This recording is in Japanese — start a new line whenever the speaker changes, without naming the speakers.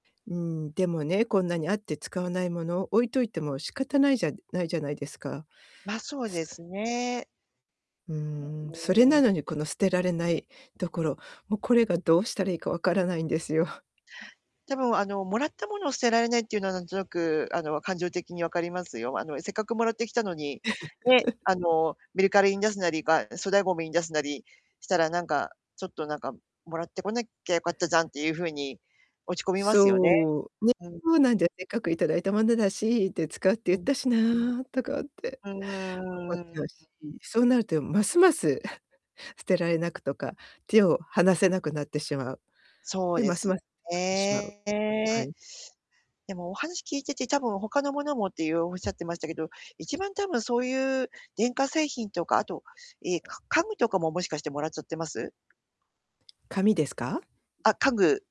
うん、でもね、こんなにあって使わない物を置いといても、仕方ないじゃないじゃないですか。
ま、そう
す
です
[unintelligible]
ね。
うー
あ、
ん、それ
うん。
なのに、この、捨てられないところ。もうこれが、どうしたらいいか分からないんですよ。
多分、あの、貰ったものを捨てられないっていうのはなんとなく、あの、感情的に分かりますよ。あの、せっかく貰ってきたのに、ね、あ の、メルカリに出すなり、が、粗大ごみに出すなりしたらなんか、ちょっとなんか、貰ってこなきゃよかったじゃんっていう風に、落ち込みますよね。
そう、ね、
うん、うん。
そうなんで、折角頂いたものだしって、使うって言っ
うん。
たしなとかって
うー
思っ
ん、う
ちゃ
ん。
うし。そうなると、え、ますます 捨てられなくとか、手を離せなくなってしまう。
そう
で、
で
ます
すよ
ます [unintelligible] ってしまう。は
ね。
い。
でも、お話聞いてて、多分他の物もっていう、おっしゃってましたけど、一番多分そういう電化製品とか、あと、ええ、か家具とかももしかしてもらっちゃってます？
紙ですか？
あ、家具